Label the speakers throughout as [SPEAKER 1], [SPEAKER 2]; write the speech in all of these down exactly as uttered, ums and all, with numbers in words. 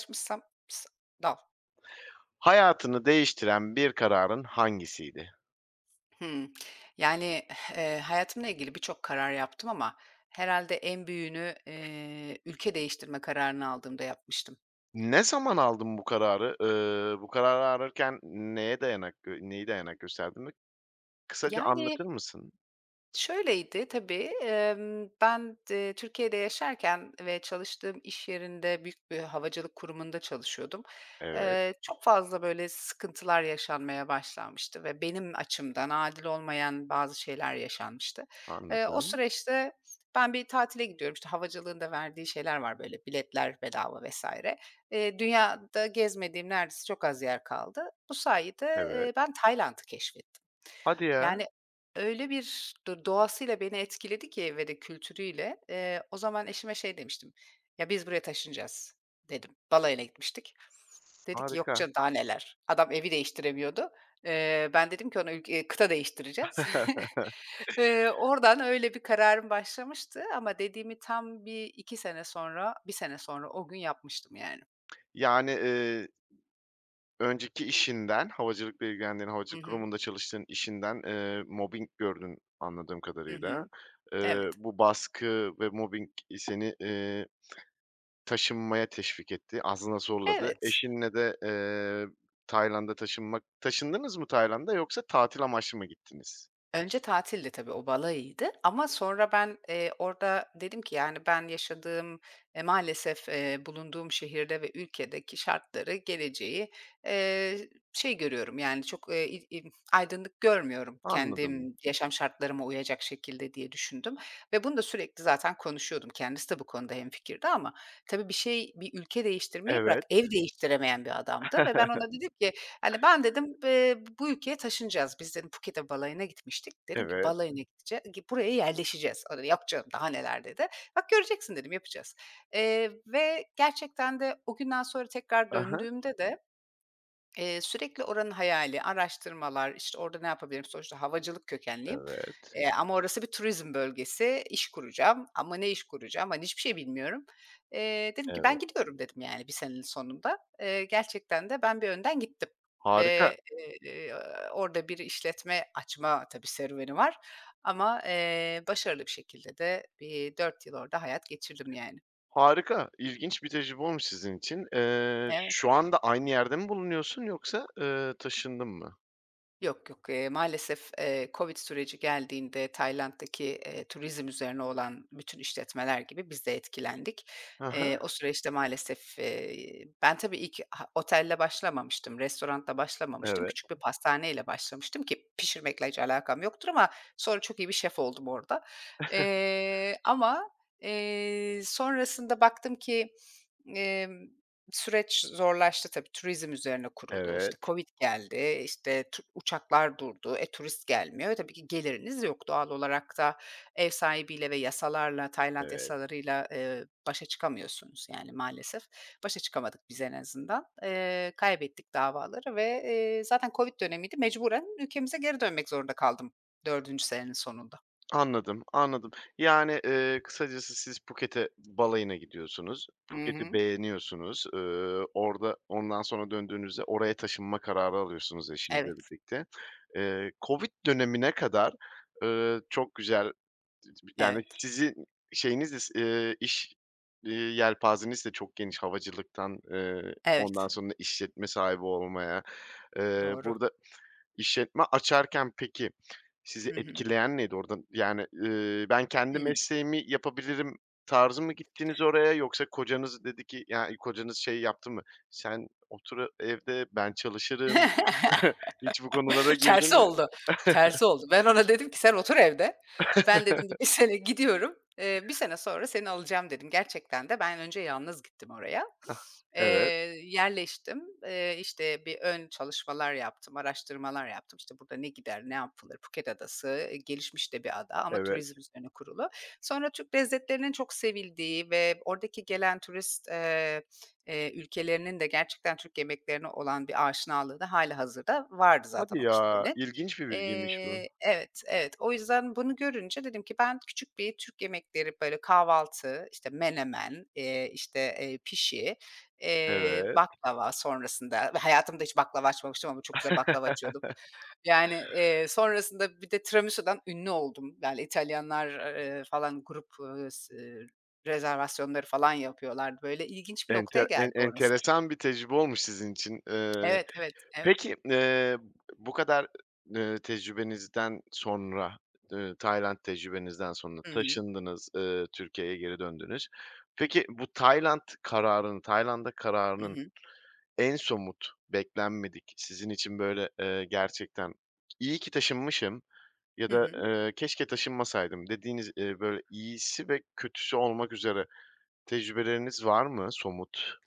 [SPEAKER 1] [unintelligible]
[SPEAKER 2] Hayatını değiştiren bir kararın hangisiydi?
[SPEAKER 1] Hmm, yani, eee, hayatımla ilgili birçok karar yaptım ama herhâlde en büyüğünü, eee, ülke değiştirme kararını aldığımda yapmıştım.
[SPEAKER 2] Ne zaman aldın bu kararı? Eee, bu kararı arırken neye dayanak gö neye dayanak gösterdiğini kısaca anlatır
[SPEAKER 1] Yani
[SPEAKER 2] mısın?
[SPEAKER 1] şöyleydi tabii, emm, ben, d eee, Türkiye'de yaşarken ve çalıştığım iş yerinde büyük bir havacılık kurumunda çalışıyordum.
[SPEAKER 2] Evet.
[SPEAKER 1] Eee, çok fazla, böyle, sıkıntılar yaşanmaya başlanmıştı ve benim açımdan, adil olmayan bazı şeyler yaşanmıştı. Eee, o
[SPEAKER 2] Anladım.
[SPEAKER 1] süreçte ben bir tatile gidiyorum. İşte, havacılığın da verdiği şeyler var. Böyle, biletler bedava vs. eee, dünyada gezmediğim neredeyse çok az yer kaldı. Bu sayede,
[SPEAKER 2] Evet.
[SPEAKER 1] eee, ben Tayland'ı keşfettim.
[SPEAKER 2] Hadi ya.
[SPEAKER 1] Yani, öyle bir do doğasıyla beni etkiledi ki ve de kültürüyle, eee, o zaman eşime şey demiştim, “Ya, biz buraya taşınacağız,” dedim. Balayına gitmiştik, dedi ki, “Yok
[SPEAKER 2] Harika.
[SPEAKER 1] canım, daha neler.” Adam evi değiştiremiyordu. Eee, ben dedim ki ona, “Ülke e kıta değiştireceğiz.” Eee, oradan öyle bir kararım başlamıştı ama dediğimi tam bir iki sene sonra, bir sene sonra o gün yapmıştım, yani.
[SPEAKER 2] Yani, eee Önceki işinden, havacılıkla ilgilendiğin,
[SPEAKER 1] Hı
[SPEAKER 2] havacılık
[SPEAKER 1] hı.
[SPEAKER 2] kurumunda çalıştığın işinden, eee, mobbing gördün, anladığım
[SPEAKER 1] Hı
[SPEAKER 2] kadarıyla.
[SPEAKER 1] hı.
[SPEAKER 2] Eee,
[SPEAKER 1] Evet.
[SPEAKER 2] bu baskı ve mobbing seni, eee, taşınmaya teşvik etti, aslında zorladı.
[SPEAKER 1] Evet.
[SPEAKER 2] Eşinle de, eee, Tayland'a taşınmak Taşındınız mı Tayland'a yoksa tatil amaçlı mı gittiniz?
[SPEAKER 1] Önce tatildi tabii, o balayıydı ama sonra ben, eee, orada dedim ki, yani, ben yaşadığım, eee, maalesef, eee, bulunduğum şehirde ve ülkedeki şartları, geleceği, eee, şey görüyorum, yani, çok, eee, i i aydınlık görmüyorum,
[SPEAKER 2] Anladım.
[SPEAKER 1] kendim yaşam şartlarıma uyacak şekilde diye düşündüm ve bunu da sürekli zaten konuşuyordum, kendisi de bu konuda hemfikirdi ama tabii bir şey, bir ülke değiştirmeyi bırak,
[SPEAKER 2] Evet.
[SPEAKER 1] ev değiştiremeyen bir adamdı ve ben ona dedim ki, hani, “Ben,” dedim, eee, “bu ülkeye taşınacağız biz,” dedim. Phuket'e balayına gitmiştik. Dedim ki,
[SPEAKER 2] Evet.
[SPEAKER 1] “Balayına gidece buraya yerleşeceğiz.” O da, “Yok canım, daha neler,” dedi. “Bak, göreceksin,” dedim. “Yapacağız.” Eee, ve gerçekten de o günden sonra tekrar
[SPEAKER 2] He he.
[SPEAKER 1] döndüğümde de, eee, sürekli oranın hayali, araştırmalar, işte, orada ne yapabilirim, sonuçta havacılık kökenliyim.
[SPEAKER 2] Evet.
[SPEAKER 1] Eee, ama orası bir turizm bölgesi, iş kuracağım ama ne iş kuracağım, hani, hiçbir şey bilmiyorum. Eee, dedim ki, “Ben
[SPEAKER 2] Evet.
[SPEAKER 1] gidiyorum,” dedim, yani, bir senenin sonunda. Eee, gerçekten de ben bir önden gittim
[SPEAKER 2] Harika.
[SPEAKER 1] ve, eee, orada bir işletme açma, tabii serüveni var ama, eee, başarılı bir şekilde de bir dört yıl orada hayat geçirdim, yani.
[SPEAKER 2] Harika, ilginç bir tecrübe olmuş sizin için. Eee,
[SPEAKER 1] Evet.
[SPEAKER 2] şu anda aynı yerde mi bulunuyorsun yoksa, eee, taşındın mı?
[SPEAKER 1] Yok, yok. Eee, maalesef, eee, COVID süreci geldiğinde Tayland'daki, eee, turizm üzerine olan bütün işletmeler gibi biz de etkilendik.
[SPEAKER 2] Hı hı.
[SPEAKER 1] Eee, o süreçte maalesef, eee, ben, tabii ilk ha otelle başlamamıştım, restorantla başlamamıştım,
[SPEAKER 2] Evet.
[SPEAKER 1] küçük bir pastaneyle başlamıştım, ki pişirmekle hiç alakam yoktur ama sonra çok iyi bir şef oldum orada. Eee, ama, eee, sonrasında baktım ki, emm, süreç zorlaştı tabii, turizm üzerine kurulu, işte,
[SPEAKER 2] Evet.
[SPEAKER 1] COVID geldi, işte, çu uçaklar durdu, e, turist gelmiyor. E, tabii ki geliriniz yok. Doğal olarak da ev sahibiyle ve yasalarla, Tayland
[SPEAKER 2] Evet.
[SPEAKER 1] yasalarıyla, eee, başa çıkamıyorsunuz. Yani, maalesef. Başa çıkamadık biz en azından. Eee, kaybettik davaları ve, eee, zaten COVID dönemiydi mecburen ülkemize geri dönmek zorunda kaldım dördüncü senenin sonunda.
[SPEAKER 2] Anladım, anladım. Yani, eee, kısacası siz Phuket'e balayına gidiyorsunuz,
[SPEAKER 1] I
[SPEAKER 2] Phuket'i
[SPEAKER 1] hı.
[SPEAKER 2] beğeniyorsunuz, ııı, orada ondan sonra döndüğünüzde oraya taşınma kararı alıyorsunuz eşinizle
[SPEAKER 1] Evet.
[SPEAKER 2] birlikte. Eee, COVID dönemine kadar, ııı, çok güzel, [unintelligible] yani,
[SPEAKER 1] Evet.
[SPEAKER 2] sizin şeyiniz is eee, iş, eee, yelpazeniz de çok geniş havacılıktan, eee, ondan
[SPEAKER 1] Evet.
[SPEAKER 2] sonra işletme sahibi olmaya. Eee,
[SPEAKER 1] Doğru.
[SPEAKER 2] burada işletme açarken peki, sizi
[SPEAKER 1] Hı hı.
[SPEAKER 2] etkileyen neydi? Orada, yani, ııı, ben, kendi
[SPEAKER 1] Hıı.
[SPEAKER 2] mesleğimi yapabilirim tarzı mı gittiniz oraya yoksa kocanız dedi ki ya, iii, kocanız şey yaptı mı, "Sen otur a evde, ben çalışırım" hiç bu konulara girdi
[SPEAKER 1] Tersi
[SPEAKER 2] mi?
[SPEAKER 1] oldu, tersi oldu. Ben, ona dedim ki "Sen otur evde." "Ben" dedim, "Bir bir sene gidiyorum. Eee, bir sene sonra seni alacağım." dedim. Gerçekten de ben önce yalnız gittim oraya.
[SPEAKER 2] Hah!
[SPEAKER 1] Eee,
[SPEAKER 2] Evet.
[SPEAKER 1] yerleştim, eee, işte, bir ön çalışmalar yaptım, araştırmalar yaptım. İşte, burada ne gider, ne yapılır? Phuket Adası, eee, gelişmiş de bir ada ama turizm
[SPEAKER 2] Evet.
[SPEAKER 1] üzerine kurulu. Sonra Türk lezzetlerinin çok sevildiği ve oradaki gelen turist, eee, eee, ülkelerinin de gerçekten Türk yemeklerine olan bir aşinalığı da hâlihazırda vardı zaten
[SPEAKER 2] Hadi
[SPEAKER 1] o
[SPEAKER 2] ya,
[SPEAKER 1] kitlenin.
[SPEAKER 2] ilginç bir bilgiymiş bu.
[SPEAKER 1] Eee, evet, evet. O yüzden bunu görünce dedim ki ben küçük bir Türk yemekleri böyle kahvaltı, işte, menemen, eee, işte, eee, pişi, eee,
[SPEAKER 2] Evet.
[SPEAKER 1] baklava sonrasında ve hayatımda hiç baklava açmamıştım ama çok güzel baklava açıyordum. Yani, eee, sonrasında bir de tiramisudan ünlü oldum. Yani, İtalyanlar, eee, falan grup, ııı, s ııı, rezervasyonları falan yapıyorlardı. Böyle ilginç bir noktaya
[SPEAKER 2] Ente en
[SPEAKER 1] geldi orası.
[SPEAKER 2] enteresan bir tecrübe olmuş sizin için, eee.
[SPEAKER 1] Evet, evet, evet.
[SPEAKER 2] Peki, eee, bu kadar, ııı, tecrübenizden sonra, ııı, Tayland tecrübenizden sonra
[SPEAKER 1] Hı hı.
[SPEAKER 2] taşındınız, ııı, Türkiye'ye geri döndünüz. Peki, bu Tayland kararının, Tayland'a
[SPEAKER 1] Hı
[SPEAKER 2] kararının
[SPEAKER 1] hı.
[SPEAKER 2] en somut, beklenmedik sizin için böyle, eee, gerçekten, "İyi ki taşınmışım ya
[SPEAKER 1] Hı
[SPEAKER 2] da,
[SPEAKER 1] hı.
[SPEAKER 2] eee, keşke taşınmasaydım" dediğiniz, eee, böyle iyisi ve kötüsü olmak üzere tecrübeleriniz var mı somut?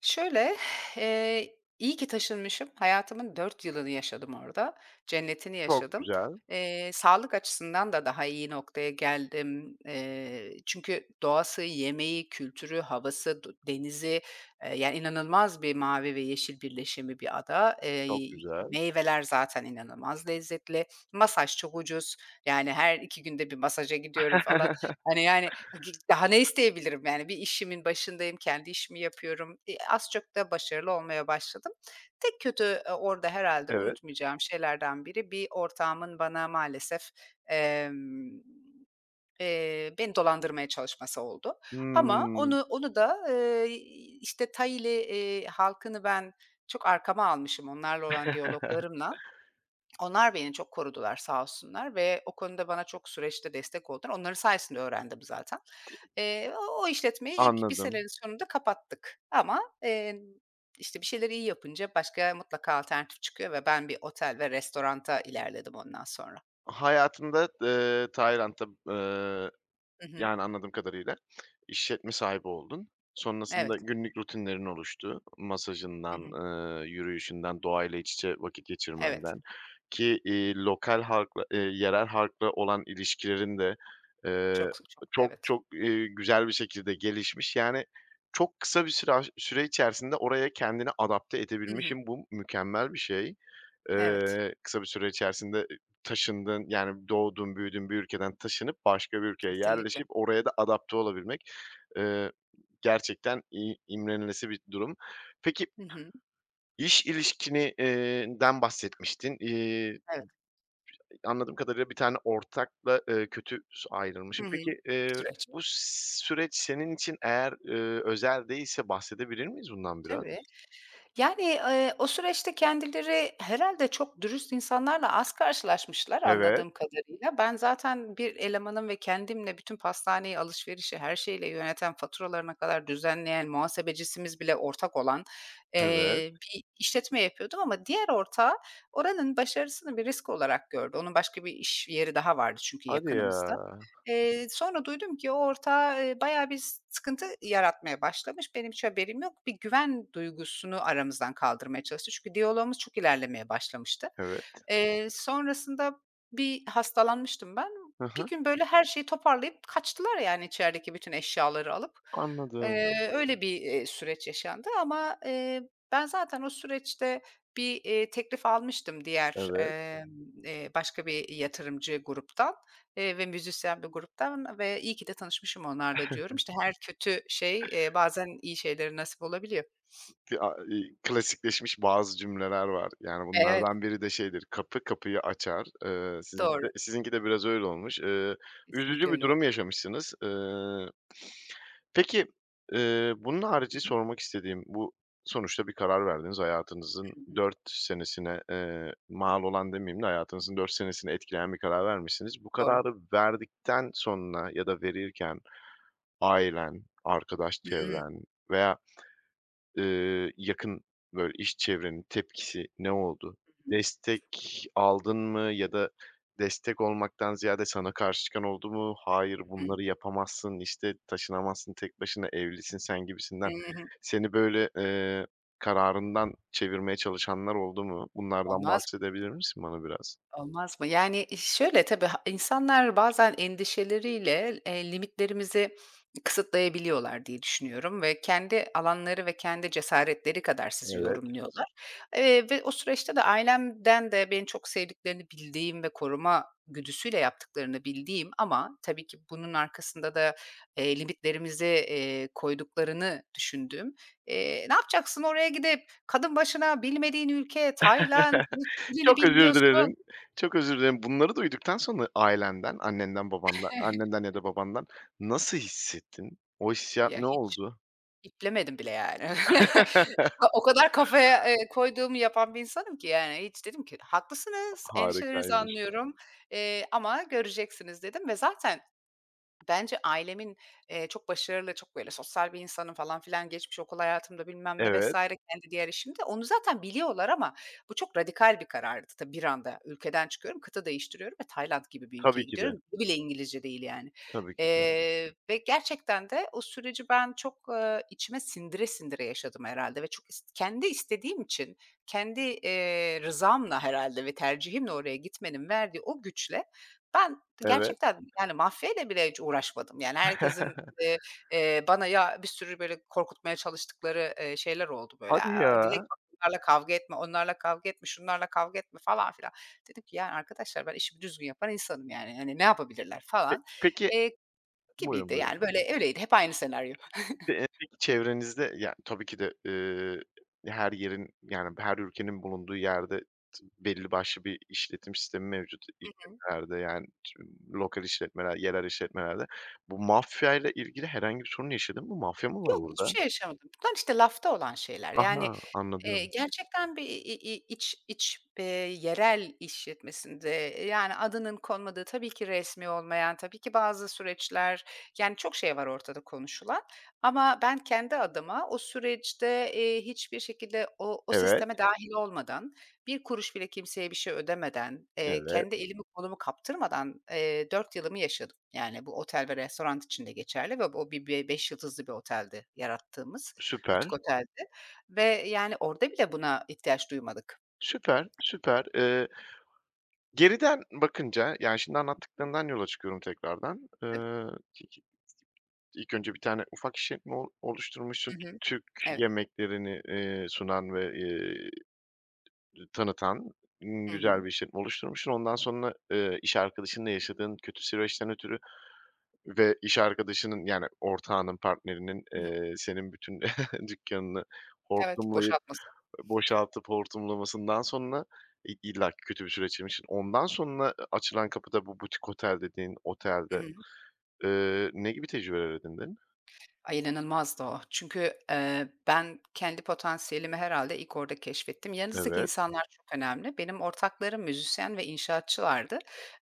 [SPEAKER 1] Şöyle; eee, iyi ki taşınmışım hayatımın dört yılını yaşadım orada, cennetini
[SPEAKER 2] Çok
[SPEAKER 1] yaşadım.
[SPEAKER 2] güzel.
[SPEAKER 1] Eee, sağlık açısından da daha iyi noktaya geldim. Eee, çünkü doğası, yemeği, kültürü, havası, du denizi, eee, yani inanılmaz bir mavi ve yeşil birleşimi bir ada. Eee,
[SPEAKER 2] Çok güzel.
[SPEAKER 1] meyveler zaten inanılmaz lezzetli. Masaj çok ucuz. Yani, her iki günde bir masaja gidiyorum falan. Hani, yani, ha gi daha ne isteyebilirim yani? Bir işimin başındayım, kendi işimi yapıyorum. İii, az çok da başarılı olmaya başladım. Tek kötü, eee, orada herhâlde
[SPEAKER 2] Evet.
[SPEAKER 1] unutmayacağım şeylerden biri; bir ortağımın bana maalesef, emm, eee, beni dolandırmaya çalışması oldu. Ama
[SPEAKER 2] Hıı.
[SPEAKER 1] onu onu da, eee, işte, Thai'li, eee, halkını ben çok arkama almışım onlarla olan diyaloglarımla. Onlar beni çok korudular sağ olsunlar ve o konuda bana çok süreçte destek oldular. Onların sayesinde öğrendim zaten.
[SPEAKER 2] Ti
[SPEAKER 1] Eee, o o işletmeyi ilk bir
[SPEAKER 2] Anladım.
[SPEAKER 1] senenin sonunda kapattık. Ama, emm, işte, bir şeyleri iyi yapınca başka mutlaka alternatif çıkıyor ve ben bir otel ve restoranta ilerledim ondan sonra.
[SPEAKER 2] Hayatında, eee, Tayland'a Eee,
[SPEAKER 1] Hı hı.
[SPEAKER 2] yani, anladığım kadarıyla işletme sahibi oldun. Sonrasında
[SPEAKER 1] Evet.
[SPEAKER 2] günlük rutinlerin oluştu,
[SPEAKER 1] Hı
[SPEAKER 2] masajından,
[SPEAKER 1] hı.
[SPEAKER 2] ııı, yürüyüşünden, doğayla iç içe vakit
[SPEAKER 1] Evet.
[SPEAKER 2] geçirmenden. Ki, iii, lokal halkla eee, yerel halkla olan ilişkilerin de, eee,
[SPEAKER 1] Çok sı çoktu,
[SPEAKER 2] çok
[SPEAKER 1] evet.
[SPEAKER 2] çok, eee, güzel bir şekilde gelişmiş. Yani, çok kısa bir süre aş süre içerisinde oraya kendini adapte
[SPEAKER 1] Hı hı.
[SPEAKER 2] edebilmişsin, bu mükemmel bir şey.
[SPEAKER 1] Evet.
[SPEAKER 2] Eee, kısa bir süre içerisinde, ııı, taşındığın, yani, doğduğun büyüdüğün bir ülkeden taşınıp, başka bir ülkeye
[SPEAKER 1] Kesinlikle.
[SPEAKER 2] yerleşip oraya da adapte olabilmek. Iıı, gerçekten i imrenilesi bir durum. Peki,
[SPEAKER 1] Hı hı.
[SPEAKER 2] iş ilişkini eee, den bahsetmiştin. İii. I
[SPEAKER 1] Evet.
[SPEAKER 2] [unintelligible] Anladığım kadarıyla bir tane ortakla, ııı, kötü s
[SPEAKER 1] Hı
[SPEAKER 2] ayrılmışsın.
[SPEAKER 1] hı.
[SPEAKER 2] Peki, eee,
[SPEAKER 1] Süreç.
[SPEAKER 2] bu s süreç senin için eğer, ııı, özel değilse bahsedebilir miyiz bundan biraz?
[SPEAKER 1] Tabii. Yani, eee, o süreçte kendileri herhâlde çok dürüst insanlarla az karşılaşmışlar
[SPEAKER 2] Evet.
[SPEAKER 1] anladığım kadarıyla. Ben, zaten bir elemanım ve kendimle bütün pastaneyi, alışverişi, her şeyiyle yöneten, faturalarına kadar düzenleyen, muhasebecisimiz bile ortak olan,
[SPEAKER 2] Evet.
[SPEAKER 1] eee, bir işletme yapıyordum ama diğer ortağı oranın başarısını bir risk olarak gördü. Onun başka bir iş yeri daha vardı çünkü
[SPEAKER 2] Hadi
[SPEAKER 1] yakınımızda.
[SPEAKER 2] ya.
[SPEAKER 1] Eee, sonra duydum ki o ortağı, eee, bayağı bir s sıkıntı yaratmaya başlamış. Benim hiç haberim yok. Bir güven duygusunu aramızdan kaldırmaya çalıştı. Çünkü diyaloğumuz çok ilerlemeye başlamıştı.
[SPEAKER 2] Evet.
[SPEAKER 1] Eee, sonrasında bir hastalanmıştım ben.
[SPEAKER 2] Hı
[SPEAKER 1] Bir
[SPEAKER 2] hı.
[SPEAKER 1] gün böyle her şeyi toparlayıp kaçtılar, yani, içerideki bütün eşyaları alıp.
[SPEAKER 2] Anladım.
[SPEAKER 1] Eee, öyle bir, eee, süreç yaşandı. Ama, eee, ben, zaten o süreçte bir, eee, teklif almıştım diğer,
[SPEAKER 2] Evet.
[SPEAKER 1] emm, eee, başka bir yatırımcı gruptan, eee, ve müzisyen bir gruptan ve iyi ki de tanışmışım onlarla diyorum. İşte, her kötü şey, eee, bazen iyi şeylere nasip olabiliyor.
[SPEAKER 2] Ti a e iii, klasikleşmiş bazı cümleler var, yani,
[SPEAKER 1] Evet.
[SPEAKER 2] bunlardan biri de şeydir; kapı kapıyı açar. Eee, sizinki de
[SPEAKER 1] Doğru.
[SPEAKER 2] sizinki de biraz öyle olmuş. Iıı,
[SPEAKER 1] Kesinlikle
[SPEAKER 2] üzücü bir
[SPEAKER 1] öyle oldu.
[SPEAKER 2] durum yaşamışsınız. Iıı peki, ııı, bunun haricî
[SPEAKER 1] Hı hı.
[SPEAKER 2] sormak istediğim, bu sonuçta bir karar verdiniz, hayatınızın
[SPEAKER 1] Hı hı.
[SPEAKER 2] dört senesine, eee, mal olan demeyeyim de hayatınızın dört senesini etkileyen bir karar vermişsiniz. Bu
[SPEAKER 1] Doğru.
[SPEAKER 2] kararı verdikten sonra ya da verirken ailen, arkadaş
[SPEAKER 1] Hıı.
[SPEAKER 2] çevren veya, ııı, yakın, böyle, iş çevrenin tepkisi ne oldu?
[SPEAKER 1] Hı hı.
[SPEAKER 2] Destek aldın mı ya da destek olmaktan ziyade sana karşı çıkan oldu mu? "Hayır,
[SPEAKER 1] Hı hı.
[SPEAKER 2] bunları yapamazsın, işte, taşınamazsın tek başına, evlisin sen"
[SPEAKER 1] Hı
[SPEAKER 2] gibisinden.
[SPEAKER 1] hı.
[SPEAKER 2] Seni böyle, eee, kararından çevirmeye çalışanlar oldu mu? Bunlardan
[SPEAKER 1] Olmaz
[SPEAKER 2] bahsedebilir misin bana biraz?
[SPEAKER 1] Olmaz mı? Yani, e, şöyle tabii ha insanlar bazen endişeleriyle, eee, limitlerimizi kısıtlayabiliyorlar diye düşünüyorum ve kendi alanları ve kendi cesaretleri kadar sizi
[SPEAKER 2] Evet.
[SPEAKER 1] yorumluyorlar. Eee, ve o süreçte de ailemden de beni çok sevdiklerini bildiğim ve koruma güdüsüyle yaptıklarını bildiğim ama tabii ki bunun arkasında da, eee, limitlerimize, eee, koyduklarını düşündüğüm, eee, "Ne yapacaksın oraya gidip? Kadın başına bilmediğin ülke, Tayland, hiç dilini
[SPEAKER 2] Çok özür
[SPEAKER 1] bilmiyorsun"
[SPEAKER 2] dilerim, çok özür dilerim. Bunları duyduktan sonra ailenden, annenden, babandan annenden ya da babandan nasıl hissettin? O hissiyat
[SPEAKER 1] Ya,
[SPEAKER 2] ne
[SPEAKER 1] hiç
[SPEAKER 2] oldu?
[SPEAKER 1] iplemedim bile yani. Ha, o kadar kafaya, eee, koyduğumu yapan bir insanım ki yani. Hiç dedim ki "Haklısınız, endişelerinizi
[SPEAKER 2] Harikaymış.
[SPEAKER 1] anlıyorum, eee, ama göreceksiniz" dedim ve zaten bence ailemin, eee, çok başarılı, çok böyle sosyal bir insanım falan filan geçmiş okul hayatımda bilmem ne vs.
[SPEAKER 2] Evet.
[SPEAKER 1] kendi diğer işimde. Onu zaten biliyorlar ama bu çok radikal bir karardı. Tabii bir anda ülkeden çıkıyorum, kıta değiştiriyorum ve Tayland gibi bir ülkeye
[SPEAKER 2] Tabii ki de.
[SPEAKER 1] gidiyorum. Dili bile İngilizce değil yani.
[SPEAKER 2] Tabii ki de.
[SPEAKER 1] Eee, ve gerçekten de o süreci ben, çok, ııı, içime sindire sindire yaşadım herhâlde ve çok ist kendi istediğim için, kendi, eee, rızamla herhâlde ve tercihimle oraya gitmenin verdiği o güçle ben,
[SPEAKER 2] Evet.
[SPEAKER 1] gerçekten, yani, mafyayla bile hiç uğraşmadım. Yani, herkesin, eee, eee, bana ya bir sürü böyle korkutmaya çalıştıkları, eee, şeyler oldu böyle,
[SPEAKER 2] Hadi
[SPEAKER 1] aaa, "Dilek,
[SPEAKER 2] ya.
[SPEAKER 1] bak onlarla kavga etme, onlarla kavga etme, şunlarla kavga etme." falan filan. Dedim ki "Ya arkadaşlar, ben işimi düzgün yapan insanım yani. Hani ne yapabilirler?"
[SPEAKER 2] P
[SPEAKER 1] falan,
[SPEAKER 2] peki.
[SPEAKER 1] eee,
[SPEAKER 2] Buyrun,
[SPEAKER 1] gibiydi.
[SPEAKER 2] buyrun.
[SPEAKER 1] Yani böyle öyleydi. Hep aynı senaryo.
[SPEAKER 2] B eee, peki çevrenizde ya, tabii ki de, eee, her yerin, yani, her ülkenin bulunduğu yerde t belli başlı bir işletim sistemi mevcut
[SPEAKER 1] Hı hı.
[SPEAKER 2] işletmelerde, yani, ç mmm, lokal işletmeler yerel işletmelerde. Bu mafyayla ilgili herhangi bir sorun yaşadın mı? Mafya mı var
[SPEAKER 1] Yok, hiçbir
[SPEAKER 2] orada?
[SPEAKER 1] şey yaşamadım. Bunlar, işte, lafta olan şeyler. Yani,
[SPEAKER 2] Aha!
[SPEAKER 1] eee,
[SPEAKER 2] Anladım.
[SPEAKER 1] gerçekten bir i i iç iç, eee, yerel işletmesinde, eee, yani, adının konmadığı tabii ki resmî olmayan, tabii ki bazı süreçler, yani, çok şey var ortada konuşulan. Ama ben, kendi adıma, o süreçte, eee, hiçbir şekilde o o
[SPEAKER 2] Evet.
[SPEAKER 1] sisteme dâhil olmadan, bir kuruş bile kimseye bir şey ödemeden, eee,
[SPEAKER 2] Evet.
[SPEAKER 1] kendi elimi kolumu kaptırmadan, eee, dört yılımı yaşadım. Yani, bu otel ve restorant için de geçerli ve bu o bi be beş yıldızlı bir oteldi yarattığımız, butik
[SPEAKER 2] Süper.
[SPEAKER 1] oteldi ve yani, orada bile buna ihtiyaç duymadık.
[SPEAKER 2] Süper, süper. Eee geriden bakınca, yani, şimdi
[SPEAKER 1] Hı hı.
[SPEAKER 2] anlattıklarından yola çıkıyorum tekrardan.
[SPEAKER 1] Tab
[SPEAKER 2] Iıı, [unintelligible] ilk önce bir tane ufak işletme o oluşturmuşsun,
[SPEAKER 1] Hı
[SPEAKER 2] T
[SPEAKER 1] hı.
[SPEAKER 2] Türk
[SPEAKER 1] Evet.
[SPEAKER 2] yemeklerini, eee, sunan ve, eee, iii, tanıtan
[SPEAKER 1] Hı
[SPEAKER 2] güzel
[SPEAKER 1] hı.
[SPEAKER 2] bir işletme oluşturmuşsun. Ondan, eee, sonra iş arkadaşınla yaşadığın kötü süreçten ötürü ve iş arkadaşının, yani, ortağının, partnerinin,
[SPEAKER 1] Hı
[SPEAKER 2] eee, senin bütün dükkânını
[SPEAKER 1] Evet,
[SPEAKER 2] hortumlayıp,
[SPEAKER 1] boşaltması.
[SPEAKER 2] ııı, boşaltıp hortumlamasından sonra i illaki kötü bir süreç [unintelligible] Ondan sonra, ııı, açılan kapıda bu butik otel dediğin
[SPEAKER 1] Hı
[SPEAKER 2] otelde,
[SPEAKER 1] hı.
[SPEAKER 2] eee, ne gibi tecrübeler edindin?
[SPEAKER 1] Ay, inanılmazdı o. Çünkü, eee, ben, kendi potansiyelimi herhâlde ilk orada keşfettim. Yanınızdaki
[SPEAKER 2] Evet.
[SPEAKER 1] insanlar çok önemli. Benim ortaklarım müzisyen ve inşaatçılardı.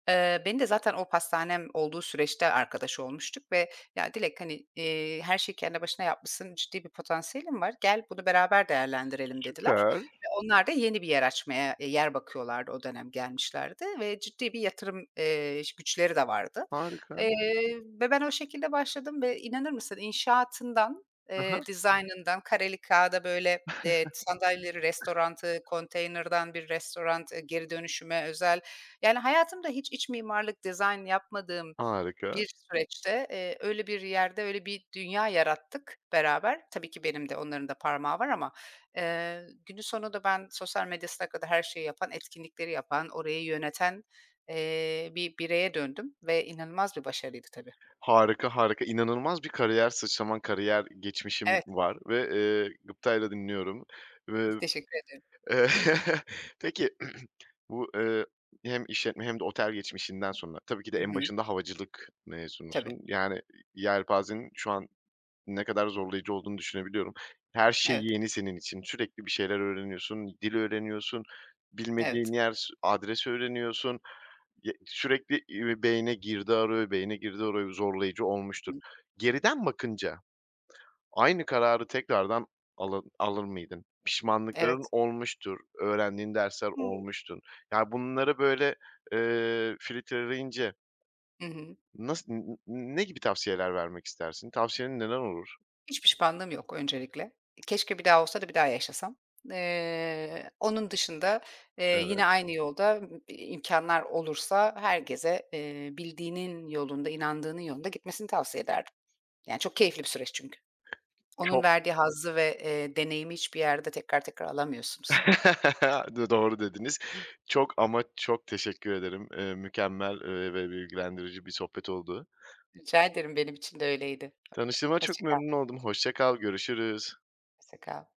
[SPEAKER 1] Eee, beni de zaten o pastanem olduğu süreçte arkadaş olmuştuk ve, "Ya Dilek, hani, eee, her şeyi kendi başına yapmışsın, ciddi bir potansiyelin var. Gel, bunu beraber değerlendirelim" dediler.
[SPEAKER 2] Süper.
[SPEAKER 1] Ve onlar da yeni bir yer açmaya, eee, yer bakıyorlardı o dönem gelmişlerdi. Ve ciddi bir yatırım, eee, ş güçleri de vardı.
[SPEAKER 2] Harika.
[SPEAKER 1] Eee, ve ben o şekilde başladım ve inanır mısın inşaatından,
[SPEAKER 2] Hı
[SPEAKER 1] eee,
[SPEAKER 2] hı.
[SPEAKER 1] dizaynından kareli kâğıda, böyle, eee, sandalyeleri, restorantı, konteynerdan bir restorant, eee, geri dönüşüme özel, yani, hayatımda hiç iç mimarlık dizayn yapmadığım
[SPEAKER 2] Harika.
[SPEAKER 1] bir süreçte, eee, öyle bir yerde öyle bir dünya yarattık beraber. Tabii ki benim de onların da parmağı var ama. Eee, günün sonunda ben sosyal medyasına kadar her şeyi yapan, etkinlikleri yapan, orayı yöneten, eee, bir bireye döndüm. Ve inanılmaz bir başarıydı tabii.
[SPEAKER 2] Harika, harika. İnanılmaz bir kariyer sıçraman, kariyer geçmişin
[SPEAKER 1] Evet.
[SPEAKER 2] var ve, eee, gıptayla dinliyorum. [unintelligible]
[SPEAKER 1] Teşekkür ediyorum.
[SPEAKER 2] Eee, peki, bu, eee, hem işletme hem de otel geçmişinden sonra tabii ki de
[SPEAKER 1] Hı
[SPEAKER 2] en
[SPEAKER 1] hı.
[SPEAKER 2] başında havacılık
[SPEAKER 1] Tabii.
[SPEAKER 2] mezunusun, yani, iii, yelpazenin şu an ne kadar zorlayıcı olduğunu düşünebiliyorum. Her şey
[SPEAKER 1] Evet.
[SPEAKER 2] yeni senin için. Sürekli bir şeyler öğreniyorsun, dil öğreniyorsun, bilmediğin
[SPEAKER 1] Evet.
[SPEAKER 2] yer s adres öğreniyorsun. Y sürekli, iii, beyine girdi arıyor, beyine girdi arıyor, zorlayıcı
[SPEAKER 1] I
[SPEAKER 2] olmuştur.
[SPEAKER 1] hı.
[SPEAKER 2] Geriden bakınca aynı kararı tekrardan ala alır mıydın? Pişmanlıkların
[SPEAKER 1] Evet.
[SPEAKER 2] olmuştur, öğrendiğin dersler
[SPEAKER 1] Hıı.
[SPEAKER 2] olmuştur. Yani, bunları böyle, eee, filitreleyince
[SPEAKER 1] Hı hı.
[SPEAKER 2] nasıl n n ne gibi tavsiyeler vermek istersin? Tavsiyelerin neler olur?
[SPEAKER 1] Hiç pişmanlığım yok öncelikle. Keşke bir daha olsa da bir daha yaşasam. Eee, onun dışında, eee, yine
[SPEAKER 2] Evet.
[SPEAKER 1] aynı yolda, ımm, i imkânlar olursa herkese, eee, bildiğinin yolunda, inandığının yolunda gitmesini tavsiye ederdim. Yani, çok keyifli bir süreç çünkü. Onun
[SPEAKER 2] Ço
[SPEAKER 1] verdiği hazzı ve, eee, deneyimi hiçbir yerde tekrar tekrar alamıyorsunuz.
[SPEAKER 2] Dı doğru dediniz. Çok ama çok teşekkür ederim. Eee, mükemmel, eee, ve bilgilendirici bir sohbet oldu.
[SPEAKER 1] Rica ederim, benim için de öyleydi.
[SPEAKER 2] Tanıştığıma çok
[SPEAKER 1] Hoşça kal.
[SPEAKER 2] memnun oldum, hoşça kal görüşürüz.
[SPEAKER 1] Hoşça kal.